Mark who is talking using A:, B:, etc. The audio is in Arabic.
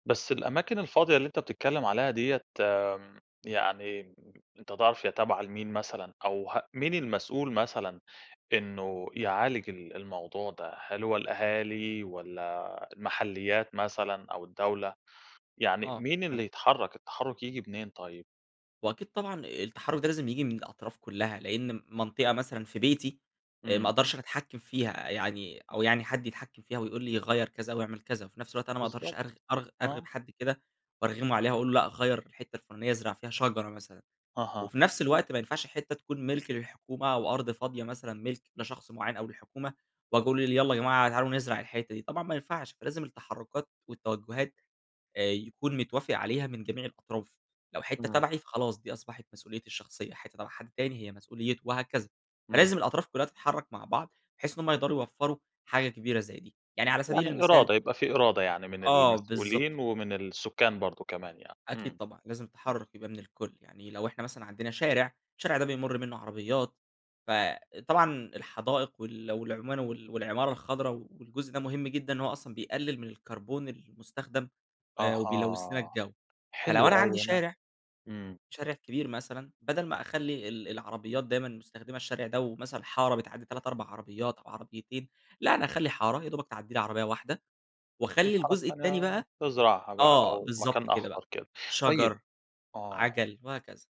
A: بس الأماكن الفاضية اللي أنت بتتكلّم عليها ديّة آمم، يعني أنت تعرف هي تابعة لمين مثلًا، أو ه مين المسؤول مثلًا إنّه يعالج ال الموضوع ده، هل هو الأهالي والّا المحليات مثلًا أو الدولة، يعني
B: آه
A: مين اللي
B: فهمتك.
A: يتحرك، التحرّك ييجي منين طيّب؟
B: وأكيد طبعًا التحرّك ده لازم ييجي من الأطراف كلّها، لأن منطقة مثلًا في بيتي آآ، ما
A: إمم.
B: اقدرش أنا أتحكم فيها، يعني أو يعني حد يتحكم فيها ويقول لي غيّر كذا او اعمل كذا، وفي نَفس الوقت أنا ما اقدرش أرغ
A: بالضبط،
B: أرغ أرغب
A: آه.
B: حد كده، وارغمه عليها وأقول له لأ غيّر الحتّة الفلانية، ازرع فيها شجرة مثلًا،
A: أها.
B: وفي نَفس الوقت ما ينفعش حتّة تكون مِلك للحكومة، أو أرض فاضية مثلًا ملك لشخص معيّن أو للحكومة، وأجي أقول ل ل يالّا جماعة تعالوا نزرع الحتّة دي، طبعًا ما ينفعش، فلازم التحركات والتوجهات آآ، يكون متوافق عليها من جميع الأطراف، لو حتّة
A: إمم.
B: تبعي فخلاص دي أصبحت مسؤوليتي الشخصيّة، حتّة تبع حد تاني هي مسؤوليته وهكذا،
A: إمم.
B: فلازم الأطراف كلّها تتحرك مع بعض بحيث إنّ هم يقدروا يوفروا حاجة كبيرة زي دي، يعني على سبيل
A: يعني
B: المثال
A: إرادة، يبقى في إرادة يعني من
B: آه بالضبط.
A: المسؤولين ومن السكان برضو كمان يعني،
B: أكيد
A: إمم،
B: طبعًا، لازم
A: إمم.
B: التحرّك يبقى من الكل، يعني لو إحنا مثلًا عندنا شارع، الشارع ده بيمر منّه عربيات، فطبعًا الحدائق وال والعما وال والعمارة الخضرا، و والجزء ده مهم جدًا، إن هو أصلًا بيقلل من الكربون المستخدم آآ، وبيلوث لنا
A: أها
B: الجو، فلو
A: حلو
B: أنا عندي
A: أوي أنا
B: شارع،
A: إمم.
B: شارع كبير مثلًا بدل ما أخلّي ال العربيّات دايمًا مستخدمة الشارع ده ومثلًا حارة بتعدي 3، 4 عربيات أو عربيتين، لأ أنا اخلّي حارة يا دوبك تعدي لي عربيّة واحدة واخلّي
A: الحارة
B: الجزء
A: التانية
B: التاني
A: بقى
B: بقى
A: تزرعها بقى
B: آه
A: أو
B: بالضبط
A: مكان
B: كده بقى
A: أخضر كده، طيب
B: شجر،
A: آه.
B: عَجَل، وهكذا.